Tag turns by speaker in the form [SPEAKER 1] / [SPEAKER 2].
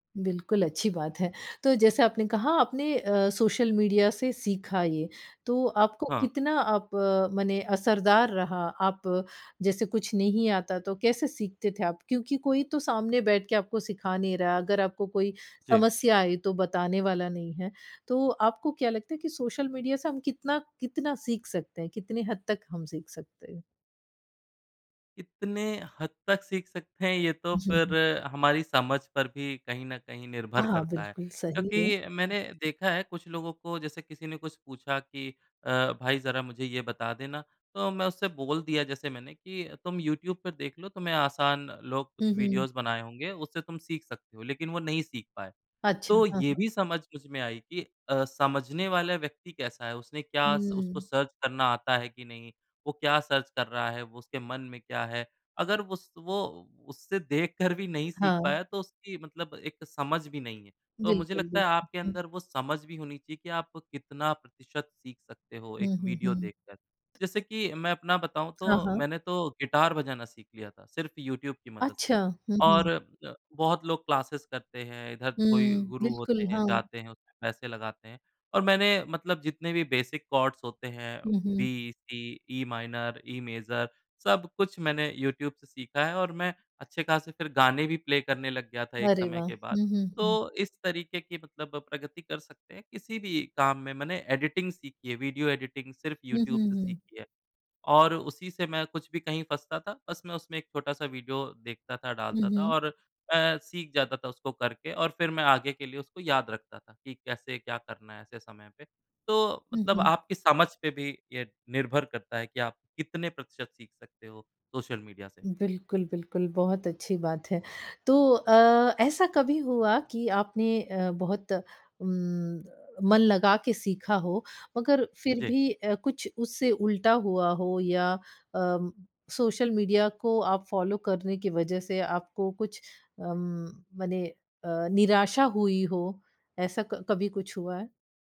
[SPEAKER 1] बिल्कुल, अच्छी बात है। तो जैसा आपने कहा आपने अ, सोशल मीडिया से सीखा ये, तो आपको
[SPEAKER 2] हाँ।
[SPEAKER 1] कितना अप मने असरदार रहा? आप जैसे कुछ नहीं आता, तो कैसे सीखते थे आप? क्योंकि कोई तो सामने बैठ के आपको सिखा नहीं रहा, अगर आपको कोई
[SPEAKER 2] जी।
[SPEAKER 1] समस्या आई तो बताने वाला नहीं है। तो आपको क्या लगता है कि सोशल मीडिया से हम कितना, कितना सीख सकते हैं, कितने हद तक हम सीख सकते हैं?
[SPEAKER 2] कितने हद तक सीख सकते हैं, ये तो
[SPEAKER 1] जी
[SPEAKER 2] फिर
[SPEAKER 1] ह
[SPEAKER 2] हमारी समझ पर भी कहीं न कहीं निर्भर
[SPEAKER 1] हाँ,
[SPEAKER 2] करता है।
[SPEAKER 1] बिल्कुल सही है।
[SPEAKER 2] क्योंकि मैंने देखा है कुछ लोगों को जैसे किसी ने कुछ पूछा कि अ, "भाई, ज़रा मुझे ये बता देना।" तो मैं उससे बोल दिया जैसे मैंने कि, "तुम यूट्यूब पर देख लो तुम्हें आसान लोग
[SPEAKER 1] हुँ,
[SPEAKER 2] कुछ
[SPEAKER 1] हुँ।
[SPEAKER 2] वीडियोज़ बनाए होंगे, उससे तुम सीख सकते हो।" लेकिन वो नहीं सीख पाए।
[SPEAKER 1] अच्छा,
[SPEAKER 2] तो
[SPEAKER 1] हाँ,
[SPEAKER 2] ये
[SPEAKER 1] हाँ।
[SPEAKER 2] भी समझ मुझ में आई, कि अ, समझने वाला व्यक्ति कैसा है? उसने क्या स उसको
[SPEAKER 1] हुँ।
[SPEAKER 2] सर्च करना आता है कि नहीं? वो क्या सर्च कर रहा है? वो उसके मन में क्या है? अगर उस वो उससे देख कर भी नहीं सीख
[SPEAKER 1] हाँ।
[SPEAKER 2] पाया तो उसकी मतलब एक समझ भी नहीं है। तो मुझे
[SPEAKER 1] बिल्कुल,
[SPEAKER 2] लगता है आपके
[SPEAKER 1] बिल्कुल।
[SPEAKER 2] अंदर वो समझ भी होनी चाहिए कि आप कितना प्रतिशत सीख सकते हो एक
[SPEAKER 1] हुँ, हुँ,
[SPEAKER 2] वीडियो
[SPEAKER 1] हुँ।
[SPEAKER 2] देख कर। जैसे कि मैं अपना बताऊँ
[SPEAKER 1] हाँ,
[SPEAKER 2] तो,
[SPEAKER 1] हाँ।
[SPEAKER 2] मैंने तो गिटार बजाना सीख लिया था, सिर्फ़ यूट्यूब की मदद
[SPEAKER 1] अच्छा!
[SPEAKER 2] से
[SPEAKER 1] हुँ,
[SPEAKER 2] और
[SPEAKER 1] हुँ।
[SPEAKER 2] अ, बहुत लोग क्लासेज़ करते हैं, इधर कोई
[SPEAKER 1] हुँ।
[SPEAKER 2] गुरु होते
[SPEAKER 1] बिल्कुल,
[SPEAKER 2] हैं,
[SPEAKER 1] हाँ।
[SPEAKER 2] जाते हैं, उसमें पैसे लगाते हैं। और मैंने मतलब जितने भी बेसिक कॉर्ड्स होते हैं,
[SPEAKER 1] हुँ, हुँ।
[SPEAKER 2] बी, सी, ई-माइनर, ई-मेजर, सब कुछ मैंने यूट्यूब से सीखा है और मैं अच्छे खासे फिर गाने भी प्ले करने लग गया था एक
[SPEAKER 1] अरे
[SPEAKER 2] समय
[SPEAKER 1] वाह!
[SPEAKER 2] के बाद।
[SPEAKER 1] हुँ, हुँ,
[SPEAKER 2] तो
[SPEAKER 1] हुँ।
[SPEAKER 2] इस तरीके की मतलब प्रगति कर सकते हैं, किसी भी काम में। मैंने एडिटिंग सीखी है, वीडियो एडिटिंग सिर्फ़
[SPEAKER 1] हुँ,
[SPEAKER 2] यूट्यूब
[SPEAKER 1] हुँ,
[SPEAKER 2] से
[SPEAKER 1] हुँ।
[SPEAKER 2] सीखी है और उसी से मैं कुछ भी कहीं फँसता था, बस मैं उसमें एक छोटा-सा वीडियो देखता था,
[SPEAKER 1] हुँ,
[SPEAKER 2] डालता था
[SPEAKER 1] हुँ।
[SPEAKER 2] और अ, सीख जाता था उसको करके और फिर मैं आगे के लिए उसको याद रखता था कि कैसे क्या करना है ऐसे समय पे। तो,
[SPEAKER 1] हुँ,
[SPEAKER 2] मतलब
[SPEAKER 1] हुँ।
[SPEAKER 2] आपकी समझ पे भी ये निर्भर करता है कि आप कितने प्रतिशत सीख सकते हो सोशल मीडिया से।
[SPEAKER 1] बिल्कुल, बिल्कुल, बहुत अच्छी बात है। तो अ, ऐसा कभी हुआ कि आपने अ, बहुत उम, मन लगा के सीखा हो मगर फिर
[SPEAKER 2] जी।
[SPEAKER 1] भी अ, कुछ उससे उल्टा हुआ हो या अ, सोशल मीडिया को आप फ़ॉलो करने की वजह से आपको कुछ अम, मने अ, निराशा हुई हो? ऐसा क कभी कुछ हुआ है?